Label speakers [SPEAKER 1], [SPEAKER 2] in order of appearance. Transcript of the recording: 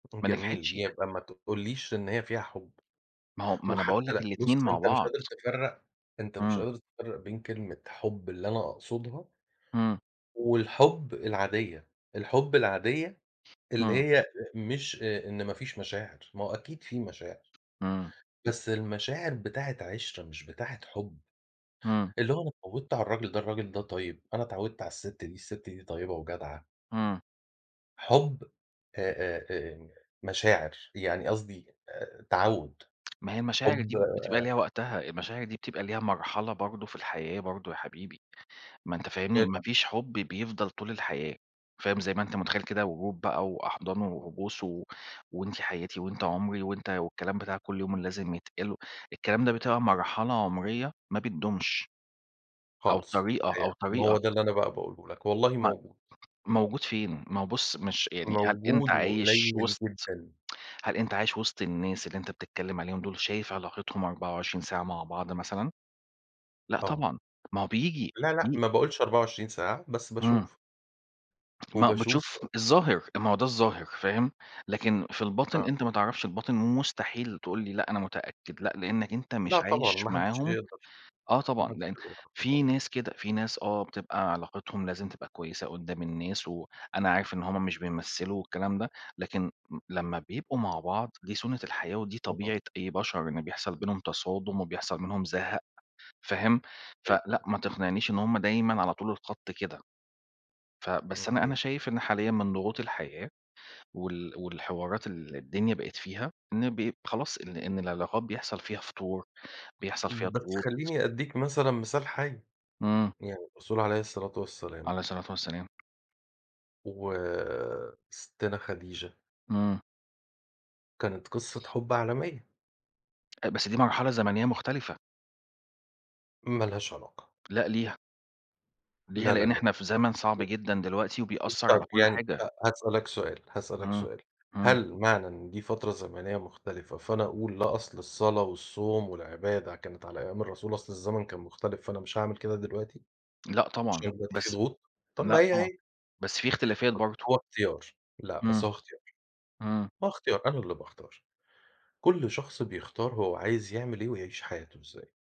[SPEAKER 1] يكون
[SPEAKER 2] ما
[SPEAKER 1] جميل،
[SPEAKER 2] نجحتش.
[SPEAKER 1] يبقى ما تقوليش إن هي فيها حُب،
[SPEAKER 2] ما هو ما أنا باقول
[SPEAKER 1] وحتّى
[SPEAKER 2] لك
[SPEAKER 1] لأ بُصّ،
[SPEAKER 2] الاتنين مع
[SPEAKER 1] أنت مش
[SPEAKER 2] بعض.
[SPEAKER 1] قادر تفرّق أنت مش
[SPEAKER 2] إمم.
[SPEAKER 1] قادر تفرّق بين كلمة حُب اللي أنا أقصدها
[SPEAKER 2] إمم.
[SPEAKER 1] والحُب العادية، الحُب العادية اللي
[SPEAKER 2] إمم.
[SPEAKER 1] هي أ مش آآ إن ما فيش مشاعر، ما هو أكيد في مشاعر.
[SPEAKER 2] إمم.
[SPEAKER 1] بس المشاعر بتاعة عِشرة مش بتاعة حُب،
[SPEAKER 2] إمم.
[SPEAKER 1] اللي هو أنا اتعوّدت على الراجل ده، الراجل ده طيب، أنا اتعوّدت على الست دي، الست دي طيّبة وجدعة.
[SPEAKER 2] إمم.
[SPEAKER 1] حُب آآ آآ آآ مشاعر يعني قصدي آآ تعوّد،
[SPEAKER 2] ما هي المشاعر دي
[SPEAKER 1] حُب
[SPEAKER 2] ب بتبقى
[SPEAKER 1] آآ
[SPEAKER 2] ليها وقتها، المشاعر دي بتبقى ليها مرحلة برضه في الحياة برضه يا حبيبي، ما أنت فاهمني، ما
[SPEAKER 1] [unintelligible]
[SPEAKER 2] فيش حُب بيفضل طول الحياة، فاهم، زي ما أنت متخيّل كده ورود بقى وأحضان وبوس و وأنتِ حياتي وأنت عُمري وأنت والكلام بتاع كلّ يوم اللي لازم يتقال، الكلام ده بتبقى مرحلة عُمريّة ما بتدومش، أو
[SPEAKER 1] خالص،
[SPEAKER 2] طريقة أو
[SPEAKER 1] [unintelligible] ما هو
[SPEAKER 2] طريقة
[SPEAKER 1] ده اللي أنا بقى باقوله لك، والله
[SPEAKER 2] م
[SPEAKER 1] موجود.
[SPEAKER 2] موجود فين؟ ما هو بُصّ مش يعني هل أنت
[SPEAKER 1] موجود
[SPEAKER 2] عايش
[SPEAKER 1] وقليّل
[SPEAKER 2] وِسط
[SPEAKER 1] جدًا.
[SPEAKER 2] هل أنت عايش وِسط الناس اللي أنت بتتكلّم عليهم دُول، شايف علاقتهم 24 ساعة مع بعض مثلًا؟ لأ
[SPEAKER 1] آه.
[SPEAKER 2] طبعًا، ما هو بييجي
[SPEAKER 1] لا، لأ،
[SPEAKER 2] بي
[SPEAKER 1] ما باقولش 24 ساعة، بس
[SPEAKER 2] إمم.
[SPEAKER 1] باشوف.
[SPEAKER 2] ما
[SPEAKER 1] وباشوف
[SPEAKER 2] بتشوف الظاهر، ما هو ده الظاهر فاهم، لكن في الباطن
[SPEAKER 1] آه.
[SPEAKER 2] أنت ما تعرفش الباطن ومستحيل تقول لي لأ أنا متأكد، لأ، لإنّك أنت
[SPEAKER 1] لأ،
[SPEAKER 2] مش
[SPEAKER 1] طبعًا،
[SPEAKER 2] عايش
[SPEAKER 1] ما حدش
[SPEAKER 2] معاهم،
[SPEAKER 1] هيقدر،
[SPEAKER 2] آه
[SPEAKER 1] ما
[SPEAKER 2] طبعًا،
[SPEAKER 1] حدش
[SPEAKER 2] لإن
[SPEAKER 1] هيقدر يعرف
[SPEAKER 2] في
[SPEAKER 1] الباطن.
[SPEAKER 2] ناس كده، في ناس آه بتبقى علاقتهم لازم تبقى كويسة قدّام الناس، وأنا عارف إن هُم مش بيمثّلوا والكلام ده، لكن م لمّا بيبقوا مع بعض دي سُنّة الحياة ودي
[SPEAKER 1] اهم.
[SPEAKER 2] طبيعة أي بشر إن بيحصل بينهم تصادم وبيحصل منهم زهق فاهم،
[SPEAKER 1] طيب.
[SPEAKER 2] فلأ، ما تقنعنيش إن هُم دايمًا على طول الخط كده، ف بس
[SPEAKER 1] اهم.
[SPEAKER 2] أنا أنا شايف إن حاليًا من ضغوط الحياة، وال والحوارات اللي الدنيا بقت فيها ن بيب خلاص إن إن العلاقات بيحصل فيها فُتور، بيحصل فيها
[SPEAKER 1] بس
[SPEAKER 2] ضغوط.
[SPEAKER 1] خلّيني أدّيك مثلًا مثال حَي،
[SPEAKER 2] إمم.
[SPEAKER 1] يعني الرسول عليه الصلاة والسلام
[SPEAKER 2] عليه الصلاة والسلام.
[SPEAKER 1] وسِتّنا خديجة
[SPEAKER 2] إمم.
[SPEAKER 1] كانت قصة حُب عالمية.
[SPEAKER 2] أ بس دي مرحلة زمنية مختلفة.
[SPEAKER 1] ما لهاش علاقة.
[SPEAKER 2] لأ ليها. ليها
[SPEAKER 1] لا، لا،
[SPEAKER 2] لإن
[SPEAKER 1] لا.
[SPEAKER 2] إحنا في زمن صعب جدًا دلوقتي، وبيأثّر على
[SPEAKER 1] طَب
[SPEAKER 2] كلّ
[SPEAKER 1] يعني
[SPEAKER 2] حاجة.
[SPEAKER 1] خ هاسألك سؤال، هاسألك
[SPEAKER 2] إمم.
[SPEAKER 1] سؤال،
[SPEAKER 2] إمم.
[SPEAKER 1] هل معنى إن دي فترة زمنية مختلفة، فأنا أقول لا أصل الصلاة والصوم والعبادة كانت على أيام الرسول، أصل الزمن كان مختلف فأنا مش هاعمل كده دلوقتي،
[SPEAKER 2] لأ طبعًا،
[SPEAKER 1] عشان دلوقتي في
[SPEAKER 2] بس
[SPEAKER 1] ضغوط؟ طَب ما
[SPEAKER 2] لأ
[SPEAKER 1] هي،
[SPEAKER 2] طبعًا،
[SPEAKER 1] هي.
[SPEAKER 2] بس في اختلافات برضه.
[SPEAKER 1] هو اختيار، لأ بس
[SPEAKER 2] إمم،
[SPEAKER 1] هو اختيار،
[SPEAKER 2] إمم.
[SPEAKER 1] هو اختيار، أنا اللي باختار، كلّ شخص بيختار هو عايز يعمل إيه ويعيش حياته إزاي.